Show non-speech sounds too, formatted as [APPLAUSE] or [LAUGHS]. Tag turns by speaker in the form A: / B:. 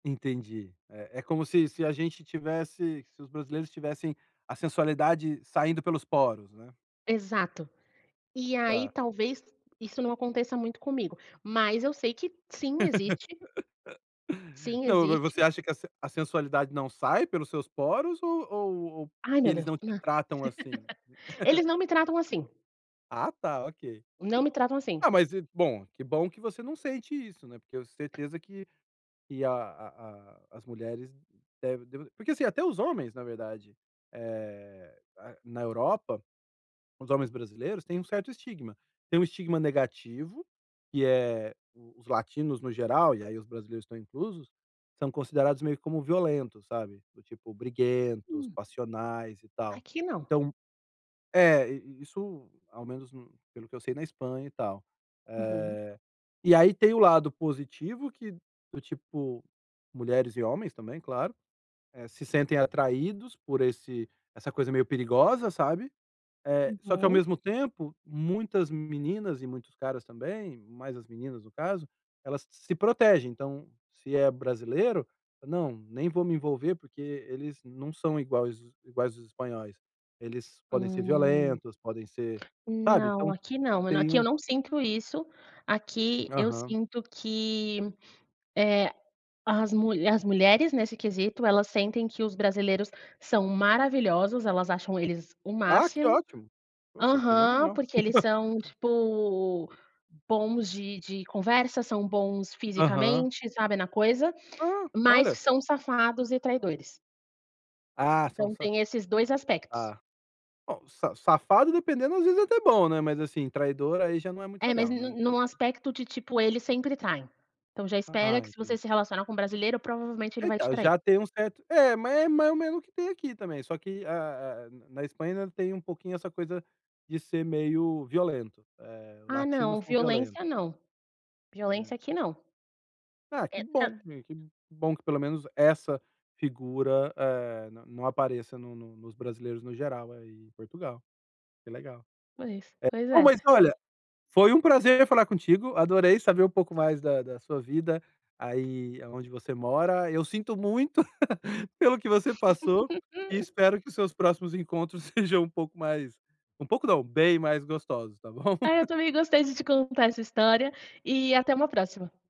A: Entendi. É é como se se a gente tivesse se os brasileiros tivessem a sensualidade saindo pelos poros, né.
B: Exato. E aí,
A: Tá.
B: talvez, isso não aconteça muito comigo, mas eu sei que sim, existe.
A: [LAUGHS]
B: Sim,
A: Não. Mas você
B: existe.
A: acha que a sen a sensualidade não sai pelos seus poros? Ou ou ou
B: Ai,
A: que
B: meu
A: eles
B: Deus,
A: não te
B: não.
A: tratam assim?
B: [LAUGHS] Eles não me tratam assim.
A: [CHUCKLES] Ah, tá. Ok.
B: Não me tratam assim.
A: Ah, mas e bom, que bom que você não sente isso, né. Porque eu certeza que que a a as mulheres devem deva porque, assim, até os homens, na verdade, eh, na na Europa, os homens brasileiros, têm um certo estigma. Tem um estigma negativo, que é os latinos, no geral, e aí os brasileiros estão inclusos, são considerados meio como violentos, sabe, do tipo, briguentos,
B: Hum.
A: passionais e tal.
B: Aqui, não.
A: Então É, isso, ao menos pelo que eu sei, na Espanha e tal.
B: Uhum.
A: Eh, e aí tem o lado positivo, que, do tipo, mulheres e homens também, claro, eh, se sentem atraídos por esse essa coisa meio perigosa, sabe, eh, só que, ao
B: Uhum.
A: mesmo tempo, muitas meninas e muitos caras também, mais as meninas, no caso, elas se protegem. Então, se é brasileiro: "Não. Nem vou me envolver, porque eles não são iguais iguais aos espanhóis. Eles podem ser
B: Hum,
A: violentos podem ser sabe?”
B: não,
A: Então
B: aqui não.
A: têm
B: Aqui eu
A: um
B: não sinto isso. Aqui eu
A: Aham.
B: sinto que, eh, as mu as mulheres, nesse quesito, elas sentem que os brasileiros são maravilhosos, elas acham eles o
A: Ah, que
B: máximo
A: ótimo! Poxa,
B: Aham,
A: fenomenal!
B: porque eles são
A: [CHUCKLES]
B: tipo, bons de de conversa, são bons
A: Aham.
B: fisicamente, sabe, na coisa,
A: Ah,
B: mas
A: olha!
B: são safados e traidores.
A: Ah, são,
B: Então,
A: sa
B: tem esses 2 aspectos.
A: tá. Bom, sa safado, dependendo, às vezes, é até bom, né, mas, assim, traidor aí já não é muito
B: É, mas
A: legal,
B: em
A: né,
B: um em
A: aí
B: um
A: já
B: aspecto de, tipo: eles sempre traem. Então já espera
A: Ah,
B: que se você
A: entendi.
B: se relacionar com brasileiro, provavelmente, ele vai te
A: Então,
B: trair.
A: já tem um certo É, mas é mais ou menos o que tem aqui também, só que, eh eh, na na Espanha ainda tem um pouquinho essa coisa de ser meio violento, eh:
B: Ah, não,
A: latinos são violento.
B: violência não.
A: Né.
B: Violência aqui não.
A: Ah, que
B: É,
A: bom.
B: tranque
A: Que bom, que pelo menos essa figura, eh, n não apareça no no nos brasileiros, no geral, aí em Portugal. Que legal.
B: Pois, pois
A: Eh, bom,
B: é.
A: mas, olha, foi um prazer falar contigo. Adorei saber um pouco mais da da sua vida aí aonde você mora. Eu sinto [CHUCKLES] muito pelo que você passou. E
B: [LAUGHS]
A: espero que os seus próximos encontros sejam um pouco mais um pouco, não, bem mais gostosos, tá bom?
B: Ai, eu
A: [CHUCKLES]
B: também gostei de te contar essa história e até uma próxima.